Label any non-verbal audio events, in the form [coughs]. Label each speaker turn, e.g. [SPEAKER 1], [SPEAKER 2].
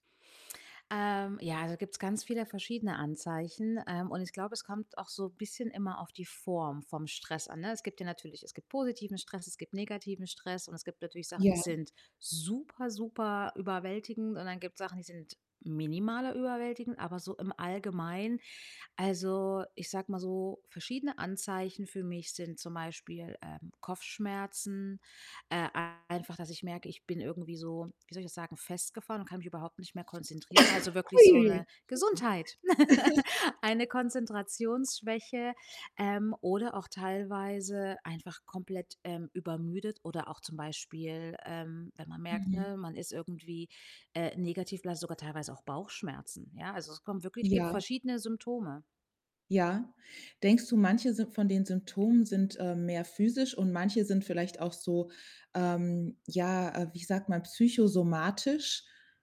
[SPEAKER 1] Ähm, ja, da gibt's ganz viele verschiedene Anzeichen, ähm, und ich glaube, es kommt auch so bisschen immer auf die Form vom Stress an, ne? Es gibt ja natürlich es gibt positiven Stress, es gibt negativen Stress und es gibt natürlich Sachen, die
[SPEAKER 2] Ja.
[SPEAKER 1] sind super, super überwältigend und dann gibt's Sachen, die sind minimaler überwältigend, aber so im Allgemeinen, also, ich sage mal so, verschiedene Anzeichen für mich sind zum Beispiel, ähm, Kopfschmerzen, äh, einfach, dass ich merke, ich bin irgendwie so, wie soll ich das sagen, festgefahren und kann mich überhaupt nicht mehr konzentrieren. Also,
[SPEAKER 2] [coughs]
[SPEAKER 1] wirklich
[SPEAKER 2] Hui
[SPEAKER 1] so 'ne
[SPEAKER 2] ui ui. [unintelligible]
[SPEAKER 1] Gesundheit [laughs]
[SPEAKER 2] [chuckles]
[SPEAKER 1] eine Konzentrationsschwäche, ähm, oder auch teilweise einfach komplett, ähm, übermüdet, oder auch zum Beispiel, ähm, wenn man merkt,
[SPEAKER 2] Mhm.
[SPEAKER 1] ne, man ist irgendwie, äh, negativ, oder hat sogar teilweise auch Bauchschmerzen, ja? Also, es kommen wirklich gibt
[SPEAKER 2] Ja.
[SPEAKER 1] verschiedene Symptome.
[SPEAKER 2] Ja. Denkst du, manche Sy von den Symptomen sind, ähm, mehr physisch und manche sind vielleicht auch so, ähm, ja, äh, wie sagt man, psychosomatisch?